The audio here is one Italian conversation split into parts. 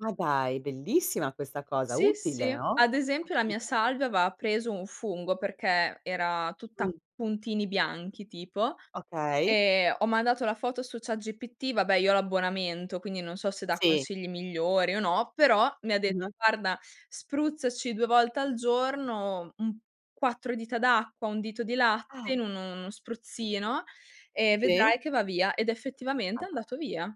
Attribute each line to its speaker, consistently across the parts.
Speaker 1: Ma dai, bellissima questa cosa,
Speaker 2: Sì, sì.
Speaker 1: utile, no?
Speaker 2: Ad esempio la mia
Speaker 1: [unintelligible]
Speaker 2: salvia aveva preso un fungo, perché era tutta a
Speaker 1: Mh.
Speaker 2: puntini bianchi tipo.
Speaker 1: Okay.
Speaker 2: Ehm, ho mandato la foto su chatGPT, vabbè io ho l'abbonamento quindi non so se dà
Speaker 1: Sì.
Speaker 2: consigli migliori o no, però mi ha de
Speaker 1: Mh.
Speaker 2: "Guarda: spruzzaci 2 volte al giorno un quattro dita d'acqua, 1 dito di
Speaker 1: Ah.
Speaker 2: latte in un uno spruzzino e
Speaker 1: Sì.
Speaker 2: vedrai che va via"; ed
Speaker 1: Ma
Speaker 2: effettivamente è
Speaker 1: dai.
Speaker 2: andato via.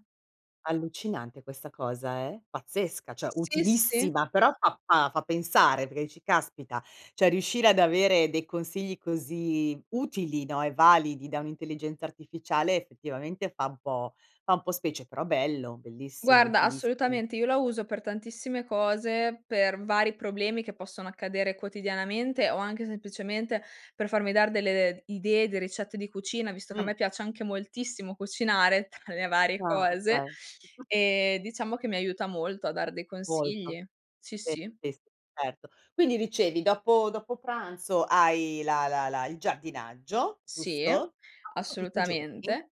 Speaker 1: Allucinante questa cosa eh, pazzesca, cioè
Speaker 2: Sì, sì.
Speaker 1: utilissima, però fa fa fa pensare perché dici: "Caspita, cioè riuscire ad avere dei consigli così utili, no e validi da un'intelligenza artificiale effettivamente fa un po' fa un po' specie", però bello, bellissimo,
Speaker 2: Guarda,
Speaker 1: utilissimo.
Speaker 2: assolutamente, io la uso per tantissime cose, per vari problemi che possono accadere quotidianamente o anche semplicemente per farmi dare delle, ehm, idee di ricette di cucina, visto che a
Speaker 1: Mh.
Speaker 2: me piace anche moltissimo cucinare, tra le varie
Speaker 1: Ah
Speaker 2: cose;
Speaker 1: okay.
Speaker 2: ehm, diciamo che mi aiuta molto a dar dei
Speaker 1: Molto.
Speaker 2: consigli. Sì,
Speaker 1: Beh
Speaker 2: sì.
Speaker 1: is certo. Quindi dicevi dopo dopo pranzo hai la la la il giardinaggio,
Speaker 2: Sì,
Speaker 1: giusto? [unintelligible] Questo tutti i giorni?
Speaker 2: assolutamente.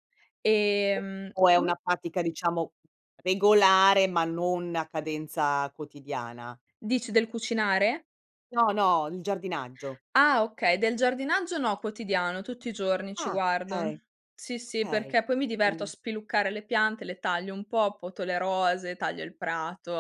Speaker 1: O
Speaker 2: Ehm
Speaker 1: o è una
Speaker 2: come?
Speaker 1: pratica diciamo, regolare ma non a cadenza quotidiana?
Speaker 2: Dici del cucinare?
Speaker 1: No, no, il giardinaggio.
Speaker 2: Ah okay, del giardinaggio, no, quotidiano, tutti i giorni ci
Speaker 1: Ah
Speaker 2: guardo.
Speaker 1: okay.
Speaker 2: Sì sì,
Speaker 1: Okay.
Speaker 2: perché poi mi diverto a
Speaker 1: [unintelligible]
Speaker 2: spiluccare le piante, le taglio un po', poto le rose, taglio il prato.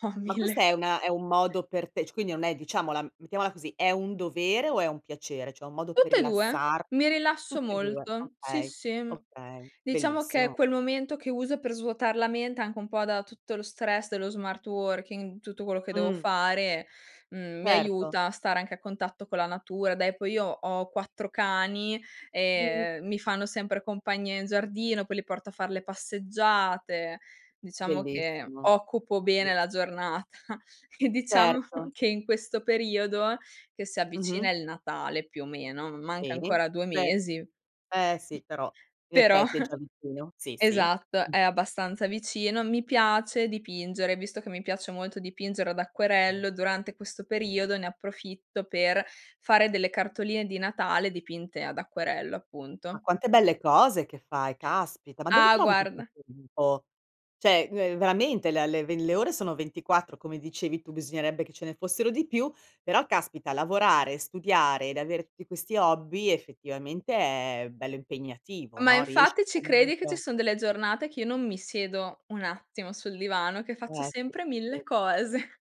Speaker 2: Ho
Speaker 1: Ma questa
Speaker 2: mille
Speaker 1: è una è un modo per te c quindi non è diciamola mettiamola così, è un dovere o è un piacere? Cioè un modo per
Speaker 2: Tutte e 2.
Speaker 1: rilassar
Speaker 2: Mi rilasso
Speaker 1: tutte e 2,
Speaker 2: molto, sì,
Speaker 1: okay,
Speaker 2: sì, mh.
Speaker 1: okay.
Speaker 2: Diciamo che
Speaker 1: Bellissimo.
Speaker 2: quel momento che uso per svuotar la mente, anche un po' da tutto lo stress dello smart working, tutto quello che devo
Speaker 1: Mh.
Speaker 2: fare, mhmm, mi
Speaker 1: Certo.
Speaker 2: aiuta a stare anche a contatto con la natura; dai, poi io ho 4 cani, e,
Speaker 1: Mh.
Speaker 2: ehm, mi fanno sempre compagnia in giardino, poi li porto a far le passeggiate; diciamo che
Speaker 1: Bellissimo.
Speaker 2: occupo bene
Speaker 1: Belliss
Speaker 2: la giornata. E diciamo
Speaker 1: Certo.
Speaker 2: che in questo periodo, che si
Speaker 1: Mh-mh.
Speaker 2: avvicina il Natale più o meno, manca
Speaker 1: Bene.
Speaker 2: ancora 2
Speaker 1: Cioè
Speaker 2: mesi;
Speaker 1: eh sì, però in
Speaker 2: però
Speaker 1: effetti, è già vicino. Sì, sì.
Speaker 2: esatto,
Speaker 1: Mh.
Speaker 2: è abbastanza vicino, mi piace dipingere: visto che mi piace molto dipingere ad
Speaker 1: Mh.
Speaker 2: acquerello, durante questo periodo ne approfitto, per fare delle cartoline di Natale dipinte ad acquerello
Speaker 1: Ma
Speaker 2: appunto.
Speaker 1: quante belle cose che fai, caspita, ma dove
Speaker 2: Ah
Speaker 1: trovi tutto il
Speaker 2: guarda
Speaker 1: tuo tempo? Cioè ve veramente la le ve le ore sono 24, come dicevi tu bisognerebbe che ce ne fossero di più; però caspita lavorare, studiare ed avere tutti questi hobby, effettivamente è bello impegnativo,
Speaker 2: Ma
Speaker 1: no. Riesci
Speaker 2: infatti ci credi che ci
Speaker 1: comunque
Speaker 2: son delle giornate che io non mi siedo un attimo sul divano, che faccio
Speaker 1: Eh sì.
Speaker 2: sempre 1000
Speaker 1: [unintelligible]
Speaker 2: cose.